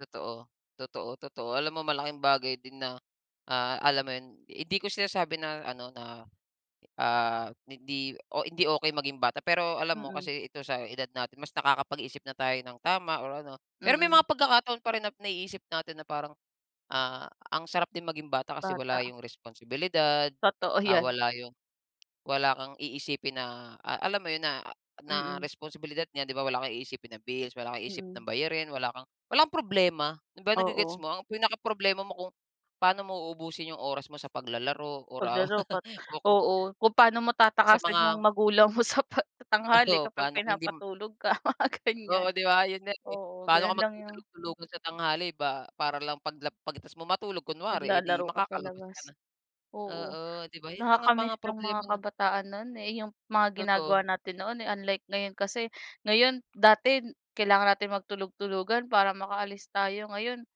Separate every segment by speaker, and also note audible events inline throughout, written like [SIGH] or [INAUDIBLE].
Speaker 1: Totoo. Totoo, totoo. Alam mo malaking bagay din na, ah, alam mo 'yun? Hindi ko sinasabi na ano na, ah, hindi o hindi okey maging bata, pero alam mo
Speaker 2: Mm.
Speaker 1: kasi ito sa edad natin mas nakakapag-isip na tayo ng tama or ano. Pero may
Speaker 2: Mm.
Speaker 1: mga pagkakataon pa rin na naiisip natin na parang, ah, ang sarap din maging bata kasi wala
Speaker 2: Bata.
Speaker 1: yung responsibilidad,
Speaker 2: Totoo
Speaker 1: ah,
Speaker 2: 'yan.
Speaker 1: wala yung wala kang iisipin na a alam mo 'yun, na na
Speaker 2: Mm.
Speaker 1: responsibilidad niya, 'di ba? Wala kang iisipin na bills, wala kang isipin
Speaker 2: Mm.
Speaker 1: ng bayarin, wala kang walang problema, 'di ba? Na ge-gets
Speaker 2: Oo.
Speaker 1: mo ang pinakaproblema mo kung paano mo uubusin yung oras mo sa paglalaro or, ah,
Speaker 2: Paglaro pat
Speaker 1: [LAUGHS] o ku
Speaker 2: oo kung paano mo
Speaker 1: Sa
Speaker 2: tatakasan
Speaker 1: mga
Speaker 2: yung magulang mo sa 'pag tanghali
Speaker 1: Oo,
Speaker 2: kapag
Speaker 1: paano kung hindi m
Speaker 2: pinapatulog ka mga
Speaker 1: Oo,
Speaker 2: ganyan.
Speaker 1: 'di ba, 'yun nga, eh.
Speaker 2: Oo,
Speaker 1: Paano ka
Speaker 2: gano'n lang yung
Speaker 1: magtutulog-tulugan sa tanghali ba para lang 'paglap 'pag tapos mo matulog kunwari, eh, 'di
Speaker 2: Maglalaro ka sa
Speaker 1: makakalabas
Speaker 2: labas.
Speaker 1: ka na? Oo,
Speaker 2: Oo,
Speaker 1: 'di ba 'yun lang ang mga
Speaker 2: nakaka-miss yung
Speaker 1: problema
Speaker 2: mga
Speaker 1: na
Speaker 2: kabataan no'n, eh, yung mga ginagawa
Speaker 1: Totoo.
Speaker 2: natin noon, eh, unlike ngayon kasi, ngayon dati kailangan natin magtulog-tulugan para makaalis tayo ngayon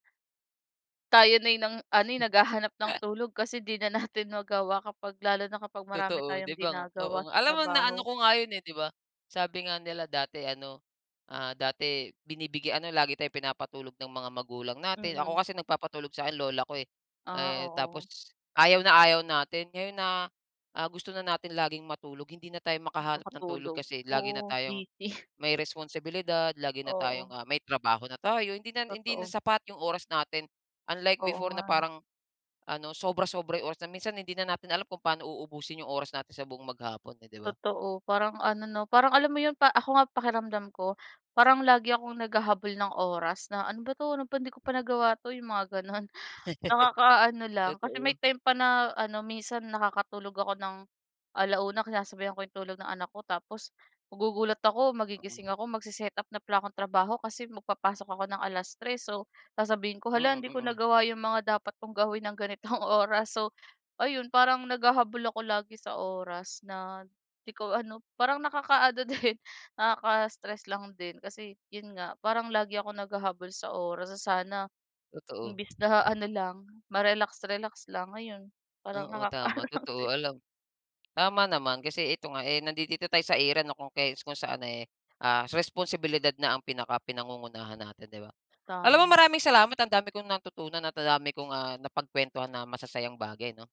Speaker 2: tayo na yung nang ano, eh, naghahanap ng tulog kasi 'di na natin magawa kapag lalo na kapag marami
Speaker 1: Totoo,
Speaker 2: tayong
Speaker 1: 'di ba?
Speaker 2: ginagawa
Speaker 1: Oo,
Speaker 2: sa
Speaker 1: alam mo na
Speaker 2: trabaho.
Speaker 1: ano ko nga 'yun, eh, 'di ba, sabi nga nila dati ano, ah, dati binibigyan ano lagi tayong pinapatulog ng mga magulang natin, ako
Speaker 2: Mm.
Speaker 1: kasi nagpapatulog sa 'kin lola ko, eh.
Speaker 2: Ah,
Speaker 1: Eh, tapos
Speaker 2: oo.
Speaker 1: ayaw na ayaw natin, ngayon na, ah, gusto na natin laging matulog, hindi na tayo makahanap ng tulog
Speaker 2: Makatulog.
Speaker 1: kasi lagi na
Speaker 2: Oo,
Speaker 1: tayong,
Speaker 2: busy. [CHUCKLES]
Speaker 1: may responsibilidad, lagi na tayong,
Speaker 2: Oo.
Speaker 1: ah, may trabaho na tayo hindi na hindi na
Speaker 2: Totoo.
Speaker 1: sapat yung oras natin. Unlike
Speaker 2: Oo
Speaker 1: before na
Speaker 2: nga.
Speaker 1: parang, ano sobra-sobra yung oras na minsan hindi na natin alam kung pa'no uubusin yung oras natin sa buong maghapon eh 'di ba?
Speaker 2: Totoo. Parang ano, 'no, parang alam mo 'yun pa ako nga pakiramdam ko, parang lagi akong naghahabol ng oras na, "ano ba 'to, ano ba hindi ko pa nagawa 'to?" yung mga gano'n, nakakaano
Speaker 1: [LAUGHS]
Speaker 2: lang. Kasi may
Speaker 1: Totoo.
Speaker 2: time pa na ano minsan nakakatulog ako ng 1:00 sinasabayan ko yung tulog ng anak ko, tapos magugulat ako magigising ako, mag-se-setup na pala ako ng trabaho kasi mag papasok ako ng 3:00. So sasabihin ko, "Hala,
Speaker 1: Mm,
Speaker 2: hindi ko
Speaker 1: mm.
Speaker 2: nagawa 'yong mga dapat kong gawin ng ganitong oras." So, ayun, parang naghahabol ako lagi sa oras na 'di ko ano parang nakakaano din nakaka-stress lang din. Kasi 'yun nga, parang lagi akong naghahabol sa oras na sana,
Speaker 1: Totoo.
Speaker 2: imbis na ano lang ma-relax-relax lang ngayon parang
Speaker 1: Oo,
Speaker 2: nakakaano
Speaker 1: tama
Speaker 2: lang
Speaker 1: totoo, alam
Speaker 2: din.
Speaker 1: tama naman, kasi ito nga, eh, nandidito tayo sa era na kung kai kung saan, eh, ah, responsibilidad na ang pinaka pinangungunahan natin, 'di ba? Alam mo
Speaker 2: Tama.
Speaker 1: maraming salamat ang dami kong natutunan at ang dami kong, ah, napagkuwentuhan na masasayang bagay, 'no?